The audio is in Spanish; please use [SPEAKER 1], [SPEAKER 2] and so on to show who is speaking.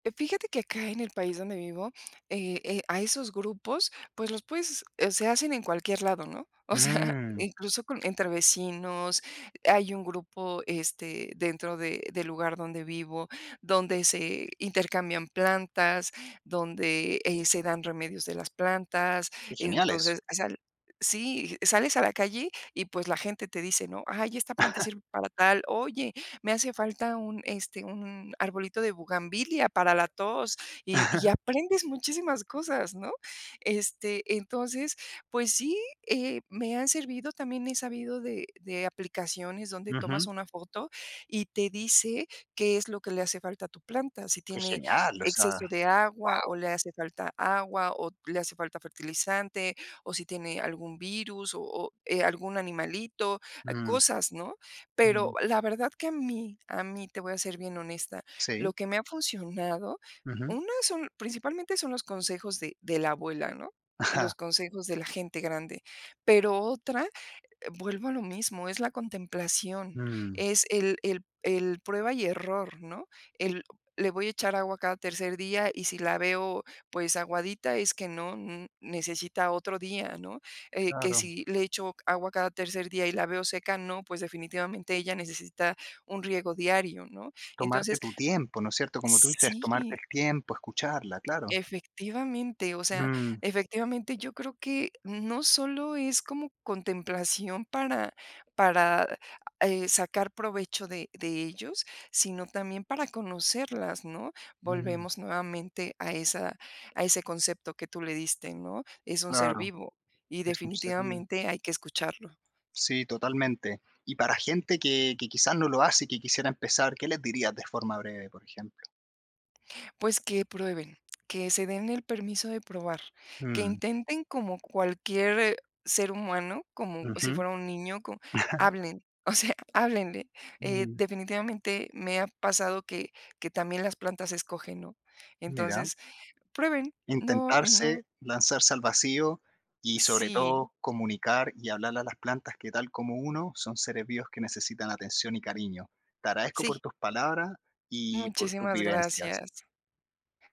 [SPEAKER 1] Fíjate que acá en el país donde vivo, eh, eh, a esos grupos, pues, los puedes eh, se hacen en cualquier lado, ¿no? O sea,
[SPEAKER 2] Mm.
[SPEAKER 1] incluso con, entre vecinos, hay un grupo, este, dentro de del lugar donde vivo, donde se intercambian plantas, donde, eh, se dan remedios de las plantas.
[SPEAKER 2] Qué genial eso.
[SPEAKER 1] Entonces, o sea, sí, sales a la calle, y, pues, la gente te dice, ¿no? "Ay, esta planta sirve para tal, oye, me hace falta un, este, un arbolito de buganvilia para la tos", y y aprendes muchísimas cosas, ¿no? Este, entonces, pues sí, eh, me han servido, también he sabido de de aplicaciones donde tomas
[SPEAKER 2] Ujú.
[SPEAKER 1] una foto, y te dice qué es lo que le hace falta a tu planta, si
[SPEAKER 2] Que
[SPEAKER 1] tiene
[SPEAKER 2] genial, o sea,
[SPEAKER 1] exceso de agua, o
[SPEAKER 2] wao.
[SPEAKER 1] le hace falta agua, o le hace falta fertilizante, o si tiene algún virus, o o algún animalito,
[SPEAKER 2] Mm.
[SPEAKER 1] cosas, ¿no? Pero
[SPEAKER 2] Mm.
[SPEAKER 1] la verdad que a mí, a mí, te voy a ser bien honesta, lo
[SPEAKER 2] Sí.
[SPEAKER 1] que me ha funcionado,
[SPEAKER 2] Ujú.
[SPEAKER 1] una es un, principalmente, son los consejos de de la abuela, ¿no?
[SPEAKER 2] Ajá.
[SPEAKER 1] Los consejos de la gente grande, pero otra, vuelvo a lo mismo, es la contemplación,
[SPEAKER 2] Mm.
[SPEAKER 1] es el el el prueba y error, ¿no? El le voy a echar agua cada tercer día y si la veo, pues, aguadita es que no necesita otro día, ¿no? Eh que
[SPEAKER 2] Claro.
[SPEAKER 1] si le echo agua cada tercer día, y la veo seca, no pues, definitivamente, ella necesita un riego diario, ¿no?
[SPEAKER 2] Tomarte
[SPEAKER 1] Entonces
[SPEAKER 2] tu tiempo, ¿no es cierto? Como tú dices, tomarte
[SPEAKER 1] sí.
[SPEAKER 2] el tiempo, escucharla, claro.
[SPEAKER 1] Efectivamente, o sea,
[SPEAKER 2] Mm.
[SPEAKER 1] efectivamente yo creo que, no solo es como contemplación para para sacar, eh, provecho de de ellos, sino también para conocerlas, ¿no?
[SPEAKER 2] Ujú.
[SPEAKER 1] Volvemos nuevamente a esa a ese concepto que tú le diste, ¿no? Es un ser
[SPEAKER 2] Claro,
[SPEAKER 1] vivo y
[SPEAKER 2] es un ser vivo.
[SPEAKER 1] definitivamente hay que escucharlo.
[SPEAKER 2] Sí, totalmente. Y para gente que, que, quizás, no lo hace y que quisiera empezar, ¿qué les dirías de forma breve, por ejemplo?
[SPEAKER 1] Pues, que prueben, que se den el permiso de probar, que
[SPEAKER 2] Mm.
[SPEAKER 1] intenten como cualquier ser humano, como si
[SPEAKER 2] Ujú.
[SPEAKER 1] fuera un niño, co hablen, o sea, háblenle, eh,
[SPEAKER 2] Mm.
[SPEAKER 1] definitivamente me ha pasado que que también las plantas escogen, ¿no?
[SPEAKER 2] Mira.
[SPEAKER 1] Entonces, prueben, no, no
[SPEAKER 2] Intentarse, lanzarse al vacío y sobre
[SPEAKER 1] sí.
[SPEAKER 2] todo comunicar, y hablarle a las plantas, que tal como uno son seres vivos que necesitan atención y cariño. Te agradezco por
[SPEAKER 1] Sí.
[SPEAKER 2] tus palabras y por tus
[SPEAKER 1] Muchísimas
[SPEAKER 2] vivencias.
[SPEAKER 1] gracias.